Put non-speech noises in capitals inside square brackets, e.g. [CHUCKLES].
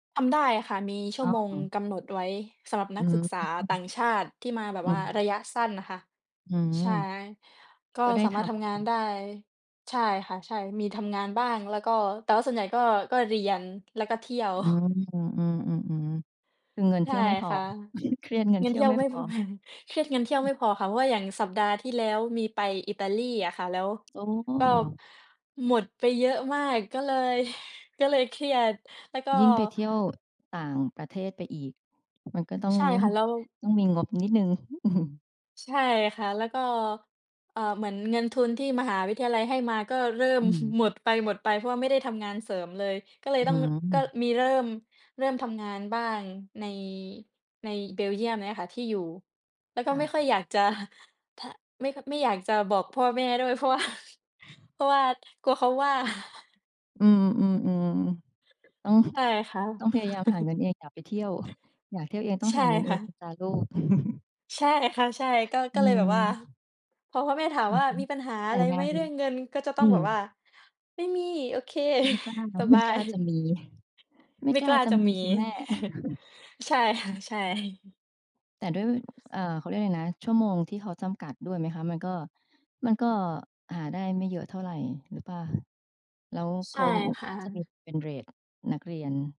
ทำได้ค่ะ มีชั่อ้วอ โมงกำหนดไว้สำหรับอนัืกศึม กษาต่างชาติที่มาแบบอืว่ารม ะยะสั้นน่ะค่ะ อืม ใช่ ก็ก็ได้สาทมารถทำำงงาานน ได้ ใช่ค่ะ ใช่ มีทำงานบ้าง แล้วก็ แต่ว่าส่วนใหญ่ก็ ก็เรียน แล้วก็เที่ยว อืม [CHUCKLES] อืม ๆ ๆ ๆ คือเงินใเชที่่ยวไม่พอ ค่ะ [CHUCKLES] เครียดเงินเงิเทนีเ่ทยีว่ยวไม่ไม่ พพ อ [CHUCKLES] เครียด เงินเที่ยวอไมืม ่พอค่ะ เพราะว่าอย่างสัปดาห์ที่แล้วมีไปอิตาลีอะค่ะ แล้วโอก็้ หมดไปเยอะมาก ก็เลย ก็เลยเครียด แล้วก็ ยิ่งไปเที่ยวต่างประเทศไปอีก มันก็ต้อง ใช่ค่ะ แล้ว ต้องมีงบนิดหนึ่ง [CHUCKLES] ใช่ค่ะ แล้วก็ เอ่อ เหมือนเงินทุนที่มหาวิทยาลัยให้มาก็เริ่อม ืม [CHUCKLES] หมดไป ๆ เพราะว่าไม่ได้ทำงานเสริมเลย ก็เลอยต้ือง ร ก็ม มีเริ่ม เริ่มทำงานบ้างใน ในเบลเยียมเนี้ยค่ะ ที่อยู่ แล้วกค็่ไม่ะ ค่อยอยาก จะ [CHUCKLES] ทะ ไม่ ค ไม่อยากจะบอกพ่อแม่ด้วย เพราะ ว่า เพราะว่ากลัวเขาว่า [CHUCKLES] อืม อืม ๆ ต้อง ใช[CHUCKLES] ่ค่ะ ต้องพยายามหาเงิ[CHUCKLES] นเอง อยากไปเที่ยว อยากเที่ยวเอง ต้อใงชห่าเงินเคอ่งนะ ะจ๊ะลูก [CHUCKLES] ใช่ค่ะ ใช่ ก็ อกื็เลยแบบว่า ม พอพ่อแม่ถามว่า "มี[UNINTELLIGIBLE] ปัญหาแตอ่ะไรงไหาม น เรื่องเงิน?" ก็จะตอ้ืองแบม บว่า "ไม่มี โอเค ไม่กล้า [CHUCKLES] สไมบ่ากลย" ้าจะ[CHUCKLES] มี ไม่ไม่กล้กาล้าจะจะมีมี ค่ะแม่ [CHUCKLES] ใช่ ค่ะ ใช่ [CHUCKLES] แต่ด้วย [CHUCKLES] อ่า เขาเรียกไรนะ ชั่วโมงที่เขาจำกัดด้วยไหมคะ? มันก็ มันก็หาได้ไม่เยอะเท่าไรหรือเปล่า? แล้วเใขช่าก็ค่จะมีะ เป็นเรตนักเรียน